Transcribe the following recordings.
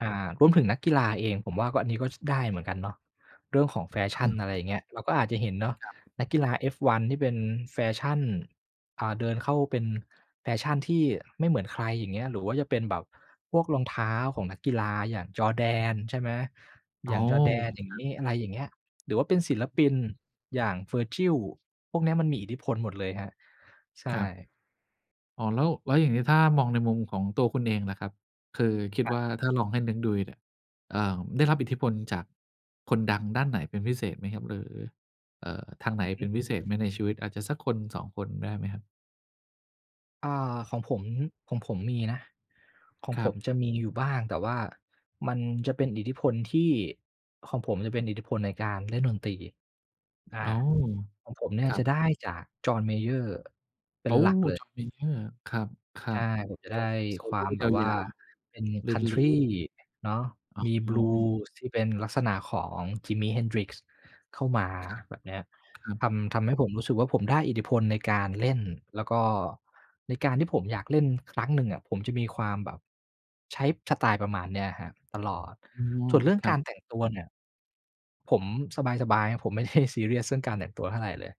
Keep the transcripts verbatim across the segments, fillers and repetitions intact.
อา รวมถึงนักกีฬาเอง ผมว่าก็อันนี้ก็ไดคร้ับ เหมือนกันเนาะ เรื่องของแฟอชั่ืน ม อะไรอย่างเงี้ย เราก็อาจจะเห็นเนาะ ครับ นักกีฬา F1 ที่เป็นแฟชั่น อ่า เดินเข้าเป็นแฟชั่นที่ไม่เหมือนใครอย่างเงี้ย หรือว่าจะเป็นแบบพวกรองเท้าของนักกีฬาอย่าง Jordan ใช่ไหม? โออ้ย่าง โJordan ฮ อย่างครงัีบ ้ อะไรอย่างเงี้ย หรือว่าเป็นศิลปินอย่าง Virgil พวกนี้มันมีอิทธิพลหมดเลยครับ ใชครับ ่ อ๋อ แล้ว แล้วอย่างนี้ถ้ามองในมุมของตัวคุณเองล่ะครับ คือคิดครัวบ ่าถ้าลองให้นึกดูดีเนี่ย เอ่อ ได้รับอิทธิพลจากคนดังด้านไหนเป็นพิเศษไหมครับ? หรือ เอ่อ ทางไหนอือฮเป็ึ นพิเศษไหมในชีวิตอาจจะสักคน สอง คนได้ไหมครับ? อ่า ของผม ของผมมีนะ ของครผัมบ จะมีอยู่บ้าง แต่ว่ามันจะเป็นอิทธิพลที่ ของผมจะเป็นอิทธิพลในการเล่นดนตรี อา อ๋อ ของผมเนี่ยครัจะไบ ด้จาก John Mayer เป็โอน้ หลักเลย John Mayer ครับ ครัใช่ บ ผมจะกได้็โซควโล่ามแบยบาว่า ว เป็น ๆ รินลีCountry บ เนาะ อ๋มี อ Blues ที่เป็นลักษณะของ Jimi Hendrix เข้ามาครัแบบนี้ บ ครัทบ ำ ทำให้ผมรู้สึกว่าผมได้อิทธิพลในการเล่น แล้วก็ในการที่ผมอยากเล่นครั้งหนึ่งผมจะมีความแบบ ใช้สไตล์ประมาณนี้ครับตลอด อ๋อ ส่วนเรื่องครกัาบ รแต่งตัวเนี่ย ผมสบาย ๆ ครับผมไม่ ได้ ซีเรียส ซึ่งการแต่งตัวเท่าไรเลย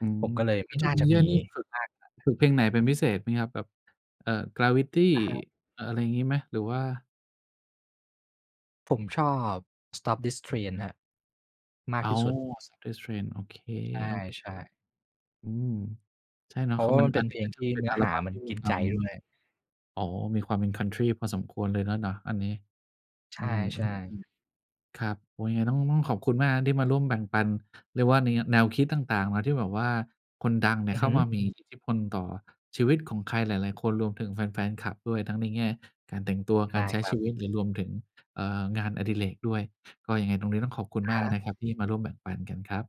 อืผม มก็เลยแไลม้่ว น่าJohn จะมMayer ีนี่ฝึก มากขนาดฝึกนเพลั้น งไหนเป็นพิเศษไหมครับ แบบ เอ่อ Gravity อะฮะ อะ อะไรอย่างงี้ไหม? หรือว่า ผมชอบ Stop This Train ครับ มากอ๋อ ที่สุด Stop This Train โอเค ใช่ ๆ ๆ อืม ใช่เนเาพะ ราคะืวอ่ามัมนันเอป็ันนนเีพ้ลกง็จทะี่เป็เนนื้ออัลหาบั้มมัทนี่มกี ินควใาจมมี ด้วย อ๋อ มีความเป็น Country พอสมควรเลยนั้นเหรอ อันนี้ ใชอื่ ๆ ม ๆ ๆ ครับ โอ้ ยังไงต้อง ต้องขอบคุณมากที่มาร่วมแบ่งปัน เรียกว่านี แนวคิดต่าง ๆ นะ ที่แบบว่าคนดังเนี่อืยอเขฮ้าึ มามีอิทธิ ธิพล ต่อชีวิตของใครหลาย ๆ คน รวมถึงแฟน ๆ คลับด้วย ทั้งในแง่การแต่งตัว ใชก่ารใช้ครัชบ ีวิตหรือรวมถึง เอ่อ งานอดิเรกด้วย ก็ยังไงตรงนี้ต้องขอบคุณอะมฮากะ นะครับที่มาร่วมแบ่งปันกันครับ